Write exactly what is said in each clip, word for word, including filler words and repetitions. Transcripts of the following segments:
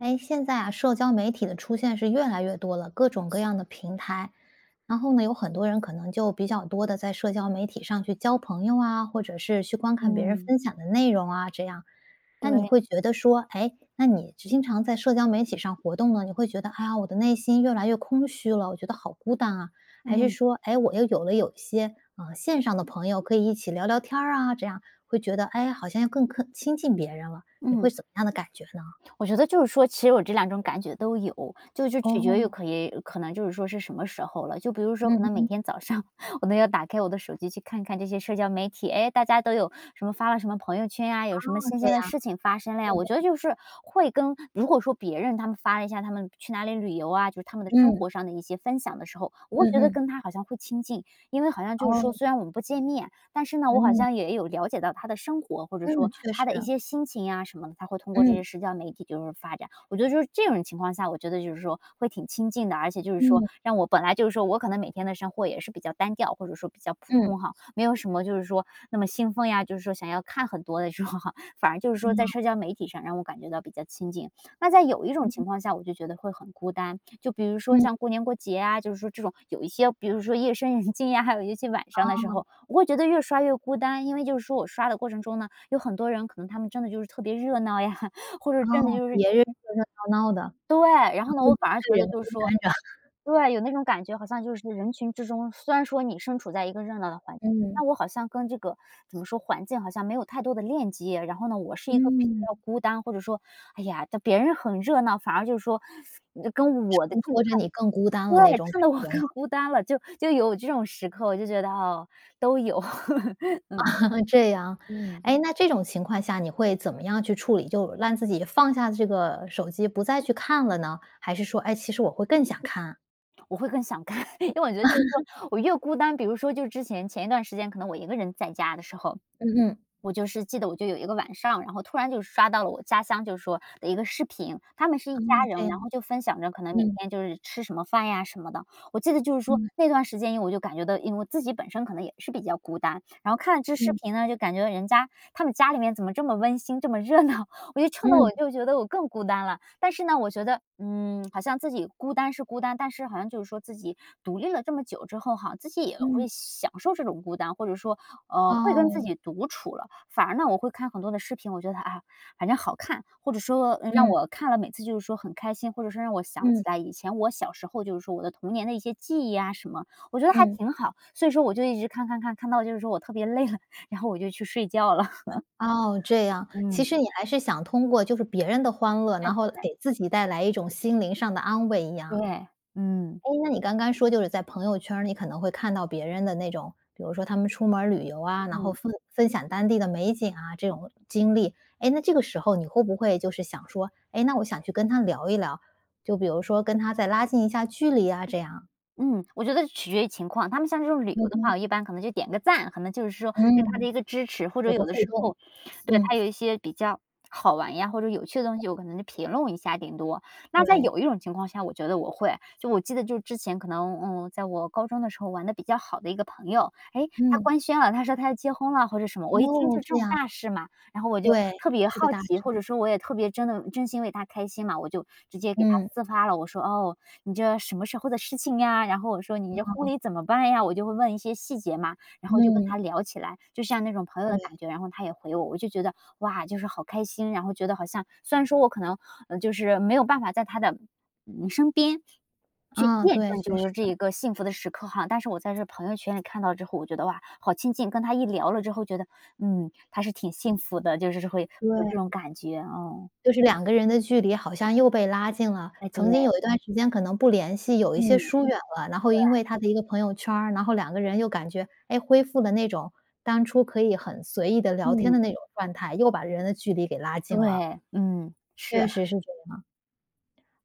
哎，现在啊社交媒体的出现是越来越多了，各种各样的平台。然后呢有很多人可能就比较多地在社交媒体上去交朋友啊，或者是去观看别人嗯。分享的内容啊这样，那你会对。觉得说，诶，那你就经常在社交媒体上活动了，你会觉得，哎呀，我的内心越来越空虚了，我觉得好孤单啊，还是嗯。说，诶，我又有了有一些，呃，线上的朋友可以一起聊聊天儿啊这样，会觉得，哎呀好像要克更亲近别人了，你会嗯。怎么样的感觉呢？我觉得就是说，其实我这两种感觉都有，就是说取决于，哦。可也可能就是说是什么时候了，就比如说可嗯能每哼。天早上我都要打开我的手机去看看这些社交媒体，哎，大家都有什么发了什么朋友圈呀，有什么哦，新这鲜的样。事情发生了对呀。我觉得对。就是会跟如果说别人他们发了一下他们去哪里旅游啊，就是他们的生嗯。活上的一些分享的时候，我会嗯觉得嗯。跟他好像会亲近，因为好像就是说哦。虽然我们不见面，但是呢我好嗯。像也有了解到他的生活或者嗯，说确他实。的一些心情呀什么的，他会通过这嗯。些社交媒体就是发这样。我觉得这种情况下，我觉得就是说会挺亲近的，而且就是说嗯。让我本来，就是说我可能每天的生活也是比较单调或者说比较普嗯。通吼，没有什么就是说那么兴奋呀，就是说想要看很多的时候，反而就是说在嗯。社交媒体上让我感觉到比较亲近。那在有一种嗯。情况下，我就觉得会很孤单，就比如说嗯。像过年过节啊，就是说这种有一些比如说夜深人静呀，还有一些晚上的时哦。候，我会觉得越刷越孤单。因为就是说我刷的过程中呢，有很多人可能他们真的就是特别热闹呀，或者哦，真的就是别人热热闹闹的。对，然就后呢我我一反而觉个得人就孤是说单着。对，有那种感觉，好像就是人群之中，虽然说你身处在一个热闹的环境，嗯。但我好像跟这个怎么说，环境好像没有太多的链接。然后呢我是一个比嗯。较孤单，或者说，哎呀在别人很热闹，反而就是说跟衬我的近态托着你更孤单了那对，种衬感得我觉吗？更孤单了，就就有这种时刻，我就觉得，哦，都有，这样。嗯。嗯。诶，那这种情况下你会怎么样去处理？就让自己放下这个手机不再去看了呢？还是说，诶，其实我会更想看。我会更想看，因为我觉得就是 说，我越孤单比如说就之前，前一段时间可能我一个人在家的时候，嗯。我就是记得我就有一个晚上，然后突然就刷到了我家乡就是说的一个视频。他们是一哦，家这人，样。然后就分享着可能每嗯。天就是吃什么饭呀什么的。我记得就是说，嗯。那段时间因为我就感觉到，因为我自己本身可能也是比较孤单，然后看了这视嗯。频呢，就感觉到人家他们家里面怎么这么温馨、这么热闹，我就衬得我嗯。就觉得我更孤单了。但是呢，我觉得，嗯，好像自己孤单是孤单，但是好像就是说自己独立了这么久之后哈，自己也嗯。会享受这种孤单。或者说，嗯，会跟自哦。己独处了。反而呢我会看很多的视频，我觉得，啊，反正好看。或者说，嗯，让嗯。我看了每次就是说很开心，或者说让我想起嗯。来以前我小时候就是说我的童年的一些记忆呀什么，我觉得还嗯。挺好。所以说我就一直看看看，看到就是说我特别累了，然后我就去睡觉了。哦，这 样。其嗯。实你还是想通过就是别人的欢乐，诶，难后对。给自己带来一种心灵上的安慰一样。对，嗯。诶，那你刚刚说就是在朋友圈儿，你可能会看到别人的那种，比如说他们出门儿旅游啊，然后嗯。分分享当地的美景啊，这种经历。诶，那这个时候你会不会就是想说，诶，那我想去跟他聊一聊，就比如说跟他再拉近一下距离呀，这样？嗯，我觉得就取决于情况，他们像这种旅嗯游的话，哼。我一般可能就点一个赞，可能就是说对他的嗯。一个支持。或者有个有的互时动。候，对，嗯。他有一些比较好玩呀，或者有趣的东西，我可能就评论一下顶多。那在对。有一种情况下，我觉得我会。就我记得就之前可能，嗯，在我高中的时候玩的比较好的一个朋友，诶，他嗯。官宣了，他说他要结婚了或者什么，我一听哦，就这这种样。大事嘛。然后我就对，特别是个好大奇，或师。者说我也特别真的真心为她开心嘛，我就直接给她嗯。私发了，我说你这什么时候的事情呀，然后我说你这婚哦。礼怎么办呀？我就会问一些细节嘛，然后就跟嗯。她聊起来，就像那种朋友的对。感觉，然后她也回我，我就觉得，哇，就是好开心，然后觉得好像虽然说我可能，嗯，就是没有办法在她的，嗯，身边，去啊，见对，证确就是实。说这一个幸福的时刻哈，但是我在这儿朋友圈里看到之后，我觉得，哇，好亲近，跟她一聊了之后觉得，嗯，她是挺幸福的，就是是会有这种对。感觉，哦。就是两个人的距离好像又被拉近了。哎，对。曾经有一段时间可能不联系，有一些嗯，疏远了，然后因对。为他的一个朋友圈儿，然后两个人又感觉，诶，恢复了那种当初可以很随意地聊天嗯。的那种状态，又把人的距离给拉近了。对，嗯，是。确实是这样。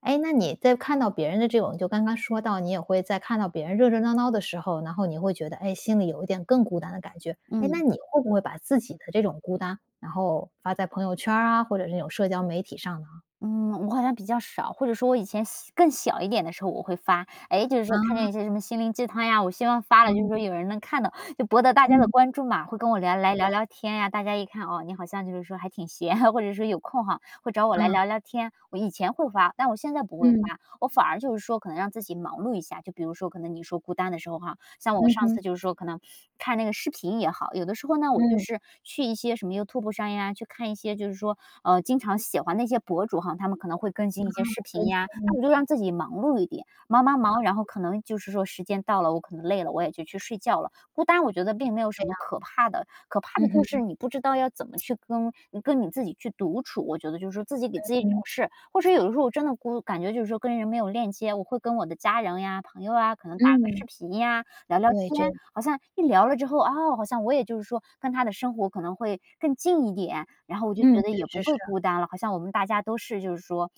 诶，那你在看到别人的这种就刚刚说到，你也会在看到别人热热闹闹的时候，然后你会觉得，哎，心里有一点更孤单的感觉。诶，那嗯。你会不会把自己的这种孤单，然后发在朋友圈儿啊，或者这种社交媒体上呢？嗯，我好像比较少，或者说我以前小更小一点的时候我会发。诶，就是说看见嗯。一些什么心灵鸡汤呀，我希望发了就是嗯。说有人能看到，就博得大家的嗯。关注嘛，会跟我聊来聊对。聊天呀。大家一看，哦，你好像就是说还挺闲哈，或者说有空哈，会找我来嗯。聊聊天。我以前会发，但我现在不会嗯。发，我反而就是说可能让自己忙碌一下，就比如说可能你说孤单的时候哈，像我嗯上次哼。就是说可能看那个视频也好，有的时候呢，我就嗯。是去一些什么 Youtube 上呀，去看一些就是说，呃，经常喜欢那些博主哈，他们可能会更啊新一些视频呀。那我就 [unintelligible] 让自己忙碌一点，忙忙忙，然后可能就是说时间到了，我可能累了，我也就去睡觉了，孤单我觉得并没有对什么啊。可怕的，可怕嗯的就是哼。你不知道要怎么去跟，嗯，跟你自己去独处。我觉得就是说自己给嗯自己找哼。事，或者是有的时候我真的孤感觉就是说，跟人没有链接，我会跟我的家人呀，朋友啊可能打个嗯。视频呀，聊聊对，天，这样。好像一聊了之后，哦，好像我也就是说跟他的生活可能会更近一点，然后我就觉嗯，得确也不实是。会孤单了。好像我们大家都是就是说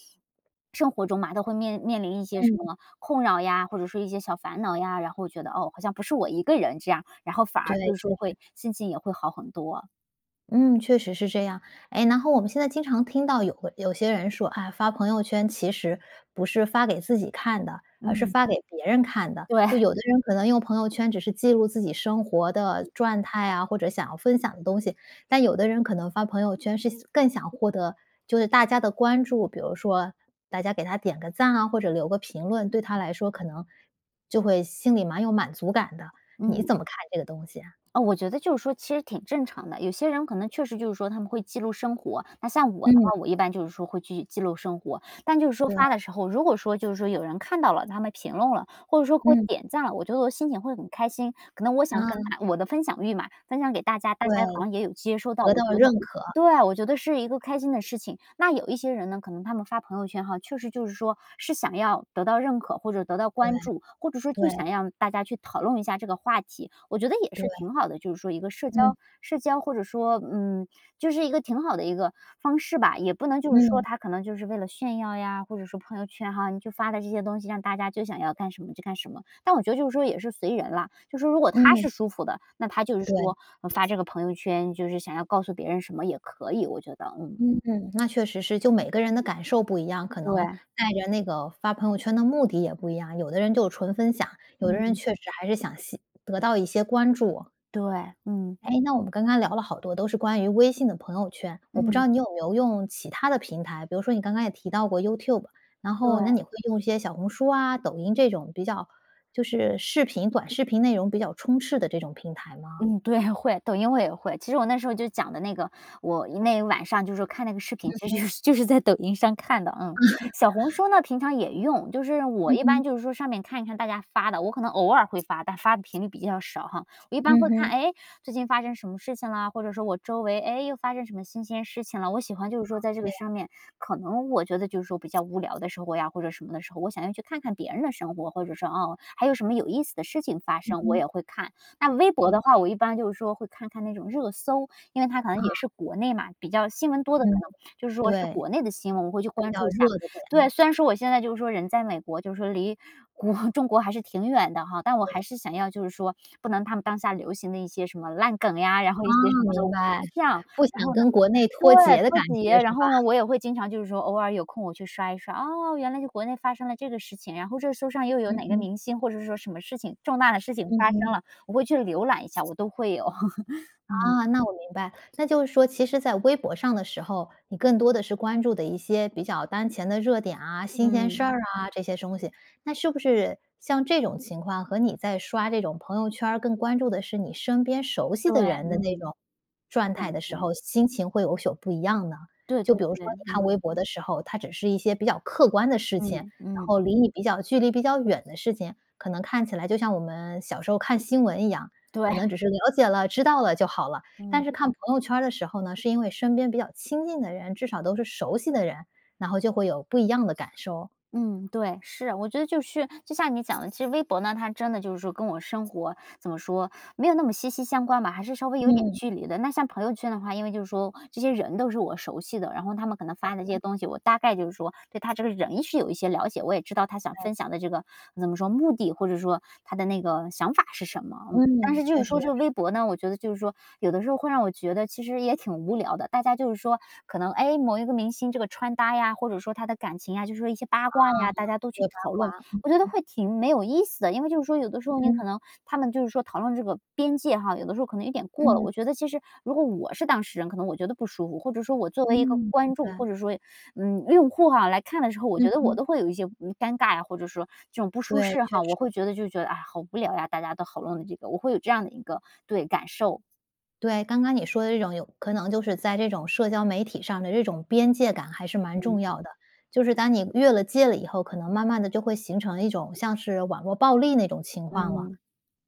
生活中嘛，都会面面临一些什嗯。么困扰呀，或者说一些小烦恼呀，然后觉得，哦，好像不是我一个人这样，然后反对，而就是确说实。会心情也会好很多。嗯，确实是这样。诶，然后我们现在经常听到有会有些人说：“啊，发朋友圈其实不是发给自己看的，而是嗯。发给别人看的。”就对。有的人可能用朋友圈只是记录自己生活的转态啊，或者想要分享的东西。但有的人可能发朋友圈是想更想获得就是大家的关注。比如说大家给他点个赞啊，或者留个评论，对他来说可能就会心里蛮有满足感的。你嗯。怎么看这个东西呀？呃，我觉得就是说其实挺正常的，有些人可能确实就是说他们会记录生活。那像我的嗯。话，我一般就是说会去记录生活。但就是说对。发的时候，如果说就是说有人看到了，他们评论了，或者说给我嗯。点赞了，我觉得我的心情会很开心。可能我想跟嗯。大我的分享欲嘛，分享给大家，大对，家好像也有接受到，得我到觉得认可。对，我觉得是一个开心的事情。那有一些人呢，可能他们发朋友圈哈，确实就是说是想要得到认可，或者得到对，关注，或者说就对。想让大家去讨论一下这个话题，我觉得也是对。挺好的，就是说一个社嗯。交社交或者说，嗯，就是一个挺好的一个方式吧。也不能就是说嗯。他可能就是为了炫耀呀，或者说朋友圈哈，你去发的这些东西，让大家就想要干什么就干什么。但我觉得就是说也是随人啦，就是说如果他嗯。是舒服的，他就是对。说嗯，发这个朋友圈，就是想要告诉别人什么也可以，我觉得，嗯。嗯，那确实是就每个人的感受不一样，可能对。带着那个发朋友圈的目的也不一样。有的人就纯分享，有的人嗯。确实还是想吸得到一些关注。对，嗯。诶，那我们刚刚聊了好多都是关于微信的朋友圈，我不知嗯。道你有没有用其它的平台？比如说你刚刚也提到过 YouTube，然后那对。你会用一些小红书啊，抖音这种比较就是视频短视频内容比较充斥的这种平台吗？嗯，对，会，抖音我也会。其实我那时候就讲的那个我因为晚上就是说看那个视嗯频，其哼。实就就是在抖音上看的，嗯。小红 书呢平常也用，就是我嗯一哼。般就是说上面看一看大家发的，我可能偶尔会发，但发的频率比较少哈。我一般嗯会看，哼。诶，最近发生什么事情啦？或者说我周围，诶，又发生什么新鲜事情了？我喜欢就是哦，说在这这个样。上面可能我觉得，就是说比较无聊的时候呀或者什么的时候，我想要去看看别人的生活，或者说，哦，还有什么有意思的事情发嗯生？我哼。也会看，那微博的话，我一般就是说会看看那种热搜，因为它可能啊。也是国内嘛，比较新闻多的可嗯，能就是说是对。国内的新闻，我会去比关较注一下。热的对，点。虽然说我现在就是说人在美国就是说离国中国还是挺远的哈，但我对。还是想要就是说不能他们当下流行的一些什么烂梗呀，然后一些什哦，么的都明白。是这样，不想然后呢跟国内脱对，节的脱感觉节。是然吧？后呢，我也会经常就是说偶尔有空我去刷一刷，哦，原来就国内发生了这个事情，然后热搜上又有嗯哪个哼。明星或者说什么事情重大的事情嗯发生哼。了，我会去浏览一下，我都会 嗯。啊，那我明白。那就是说其实在微博上的时候，你更多的是关注的一些比较当前的热点啊，新鲜事嗯。儿啊这些东西。那是不是像这种情况和你在刷这种朋友圈儿更关注的是你身边熟悉对，的人的那嗯。种转感态的时觉。候，心情会有宿不一样呢？对就对比如说对，你看嗯。微博的时候，它只是一些比较客观的事情，然嗯嗯。后离你比较距离比较远的事情，可能看起来就像我们小时候看新闻一样，对。可能只是了解了、知道了就好了。但嗯。是看朋友圈儿的时候呢，是因为身边比较亲近的人，至少都是熟悉的人，然后就会有不一样的感受。嗯，对，是。我觉得就是就像你讲的，其实微博呢它真的就是说跟我生活怎么说，没有那么息息相关嘛，还是稍微有点嗯。距离的。那像朋友圈的话，因为就是说这些人都是我熟悉的，然后他们可能发的这些东西，我大概就是说对他这个人是有一些了解，我也知道他想对。分享的这个怎么说，目的或者说他的那个想法是什么，嗯。但嗯，是就是确实。说就是微博呢，我觉得就是说有的时候会让我觉得其实也挺无聊的，大家就是说，可能诶，某一个明星这个穿搭呀，或者说他的感情呀，就是说一些八啊，卦呀，大家都去对，八讨论。卦。我觉得会挺没有意思的，因为就是说有的时候你嗯。可能他们就是说讨论这个边界哈，有的时候可能有点过了。嗯。我觉得其实如果我是当事人，可能我觉得不舒服，或者说我作嗯，为一个观明众，白。或者说，嗯，用户哈来看的时候，我嗯觉得我哼。都会有一些嗯，尴尬呀，或者说这种不舒对，适确哈。我会实。觉得就觉得，啊，好无聊呀大家都好论的，我会有这样的一个对，感受。对，刚刚你说的这种有可能就是在这种社交媒体上的这种边界感还是蛮嗯。重要的。就是当你越了界了以后，可能慢慢地就会形成一种像是网络暴力那种情况了。嗯。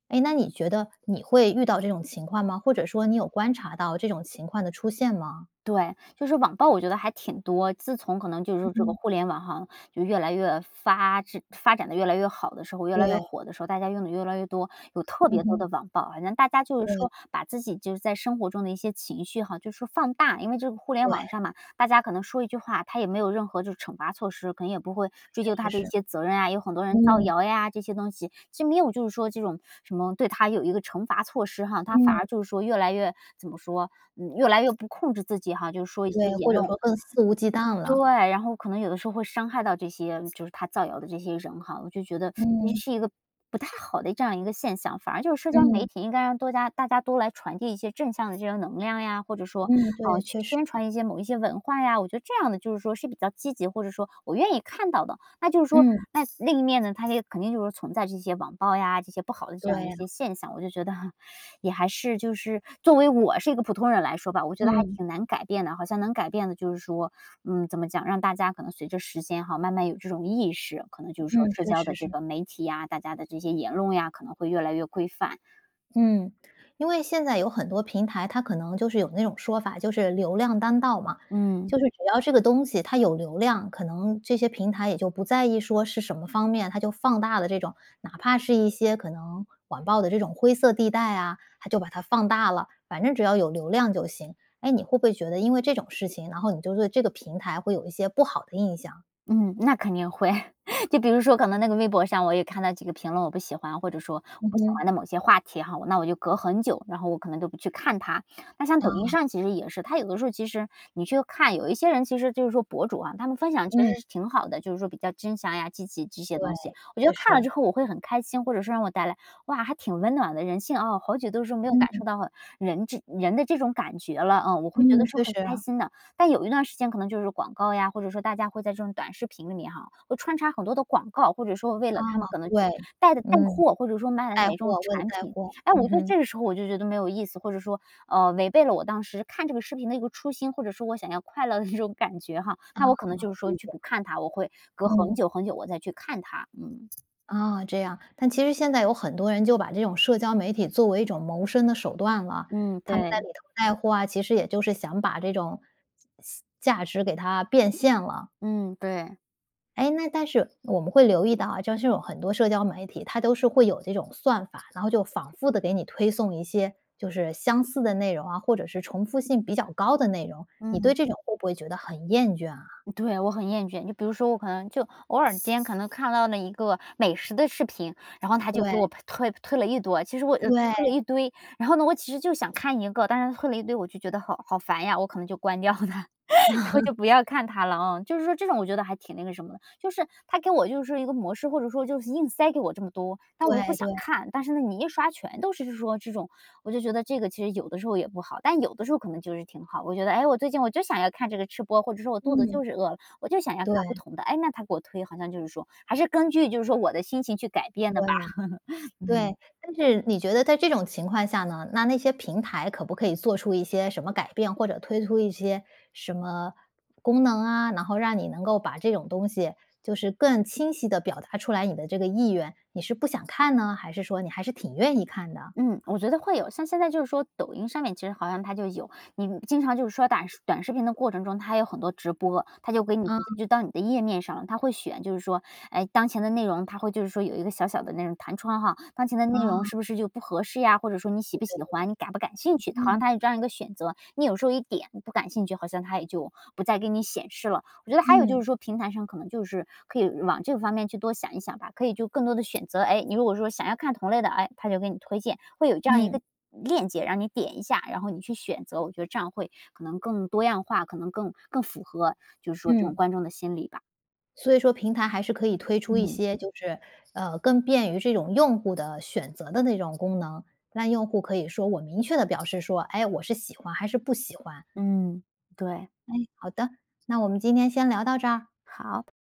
哎，那你觉得你会遇到这种情况吗？或者说你有观察到这种情况的出现吗？对，就是网暴我觉得还挺多。自从可能就是说这个互联网哈，就越来越发制发展得越来越好的时候，越来越对。火的时候，大家用得越来越多，有特嗯别多哼。的网暴。好像大家就是对。说把自己就是在生活中的一些情绪哈，就是说放大。因为这个互联网对。上嘛，大家可能说一句话，他也没有任何就是惩罚措施，可能也不会哦，追究确他实的一是。些责任啊，有很多人造嗯。谣呀这些东西，就没有就是说这种 什么对他有一个惩罚措施哈。他反嗯。而就是说越来越怎么说，嗯，越来越不控制自己哈，就是说一些对，言或者论。说更肆无忌惮对，了。然后可能有的时候会伤害到这些就是他造谣的这些人哈。我就觉得 其实嗯。是一个不太好的这样一个现象。反而就是社交媒嗯。体应该让多加大家多来传递一些正向的这些能量呀，或者说，嗯，嗯，对，去确实。宣传一些某一些文化呀。我觉得这样的就是说是比较积极，或者说我愿意看到的。那就是说嗯。那另一面呢，它肯定就是说存在这些网暴呀，这些不好的这对样一啊。些现象。我就觉得 也还是就是作为我是一个普通人来说吧，我觉得还嗯。挺难改变的。好像能改变的就是说嗯，怎么讲，让大家可能随着时间哈慢慢有这种意识。可能就是说嗯，社确交实的这是。个媒体呀，大家的这些言论呀可能会越来越规范。嗯。因为现在有很多平台，它可能就是有那种说法，就是流量当道嘛。嗯。就是只要这个东西它有流量，可能这些平台也就不在意说是什么方面。它就放大了这种哪怕是一些可能网暴的这种灰色地带啊，它就把它放大了，反正只要有流量就行。哎，你会不会觉得因为这种事情，然后你就对这个平台会有一些不好的印象？嗯，那肯定会。就比如说可能那个微博上，我也看到几个评论，我不喜欢，或者说我嗯不喜哼。欢的某些话题哈，我那我就隔很久，然后我可能都不去看它。那像抖音啊。上其实也是，它有的时候其实你去看，有一些人其实就是说博主啊，他们分享其嗯。实是挺好的，就是说比较真想呀、积极这些对，东西。我觉得确看了实。之后我会很开心，或者是让我带来“哇，还挺温暖的，人性哦，好久都是没有感嗯。受到人这人的这种感觉了”，嗯，我会觉嗯，得是确很实开啊。心的。但有一段时间可能就是广告呀，或者说大家会在这种短视频里面哈，会穿插很多的广告。或者说为啊，了他们可能是对。带的带嗯，货，或者说卖的带哪种货问产带品。货。哎，我嗯觉得哼。这个时候我就觉得没有意思，或者说，嗯，违背了我当时看这个视频的一个初心，或者说我想要快乐的那种感觉哈。啊，那我可能就是说理去解。不看它，我会隔很嗯。久很久我再去看它。嗯。啊，这样。但其实现在有很多人就把这种社交媒体作为一种谋生的手段了。嗯，他们在对。里头带货啊，其实也就是想把这种西价值给它变现了。嗯，对。哎，那但是我们会留意到啊，就是有很多社交媒体，它都是会有这种算法，然后就仿复地给你推送一些就是相似的内容啊，或者是重复性比较高的内容。你嗯。对这种会不会觉得很厌倦啊？对，我很厌倦。就比如说我可能就偶尔间可能看到了一个美食的视频，然后它就给我对。推推了一多，其实我呃，推对。了一堆。然后呢我其实就想看一个，但是推了一堆我就觉得好好烦呀，我可能就关掉了。然后 就不要看它了哦。就是说这种我觉得还挺那个什么的。就是它给我就是一个模式，或者说就是硬塞给我这么多，但我又不对想对。看。但是呢，你一刷全都是说这种我就觉得这个其实有的时候也不好。但有的时候可能就是挺好，我觉得：“诶，我最近我就想要看这个吃播。”或者说：“我肚子嗯。对。就是饿了，我就想要看不对。同的。”诶，那它给我推，好像就是说还是根据就是说我的心情去改变的对吧。呀，嗯。对。但是你觉得在这种情况下呢，那那些平台可不可以做出一些什么改变，或者推出一些什么功能啊，然后让你能够把这种东西就是更清晰地表达出来你的这个意愿。你是不想看呢，还是说你还是挺愿意看的？嗯，我觉得会有，像现在就是说抖音上面其实好像它就有。你经常就是刷胆短视频的过程中，它有很多直播，它就给你 [unintelligible] 嗯。就到你的页面上了，它会选就是说，哎，当前的内容它会就是说有一个小小的那种弹窗哈，当前的内容嗯。是不是就不合适呀，或者说你喜不喜欢，你感不感兴趣，它好像 [unintelligible] 它有这样一个选择。你有时候一点“不感兴趣”，好像它也就不再给你显示了。我觉得还有就嗯。是说平台上可能就是可以往这个方面去多想一想吧，可以就更多的选择。哎，你如果说想要看同类的，哎，它就给你推荐。会有这样一嗯。个链接，让你点一下，然后你去选择，我觉得这样会可能更多样化，可能更更符合，就是说这种嗯。观众的心理吧。所以说平台还是可以推出一嗯。些就是呃，更便于这种用户的选择的那种功能。让用户可以说我明确地表示说：“哎，我是喜欢还是不喜欢。”嗯，对。哎，好的，那我们今天先聊到这儿。好。